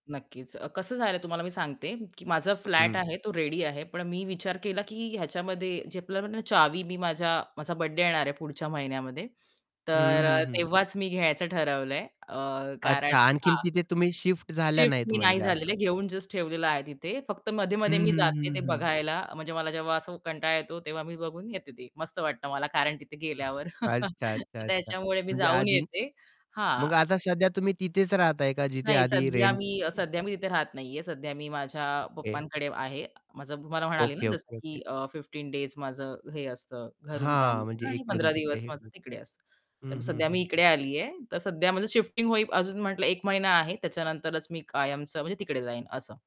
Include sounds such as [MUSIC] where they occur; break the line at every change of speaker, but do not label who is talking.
नक्कीच. अ, कसं झालं तुम्हाला मी सांगते, की माझा फ्लॅट
हं.
आहे तो रेडी आहे, पण मी विचार केला, की ह्याच्यामध्ये जे आपल्याला चावी मी माझ्या माझा बर्थडे येणार आहे पुढच्या महिन्यामध्ये
हं,
तर अ,
हं, हं.
तेव्हाच मी घ्यायचं ठरवलं आहे. अ, कारण
अच्छा आणखीन
हां.
तिथे तुम्ही शिफ्ट झाल्या
शिफ्ट
नाहीत
मी नाही
म्हणजे
झाले
असं.
आहे. घेऊन जस्ट ठेवलेलं आहे तिथे. फक्त
हं,
मध्ये-मध्ये मी
हं,
जाते
हं,
ते
हं.
बघायला, म्हणजे मला जेव्हा असा कंटाळा येतो, तेव्हा मी बघून येते ते. मस्त वाटतं मला कारण तिथे गेल्यावर
अच्छा,
[CHUCKLES]
अच्छा,
तर
अच्छा.
त्याच्यामुळे मी
म्हणजे
जाऊन
आधी
येते. हां.
मग आता सध्या तुम्ही तिथेच राहताय का जिथे
नाही,
आधी
सध्या
रेंट
मी सध्या मी तिथे राहत नाही आहे. सध्या मी माझ्या
ओके.
पप्पांकडे आहे. माझं मला म्हणाले ना
ओके,
जसं
ओके, ओके.
की अ, 15 डेज माझं हे असतं. घरून काम
हां, म्हणजे
असतं आणि
इकडून
15
तिकडे
दिवस माझं
[UNINTELLIGIBLE]
तिकडे असतं.
हं,
तर
हं,
सध्या मी
हं.
इकडे आली आहे, तर सध्या माझं शिफ्टिंग होई अजून म्हटलं एक महिना आहे, त्याच्यानंतरच मी कायमचं म्हणजे तिकडे जाईन असं.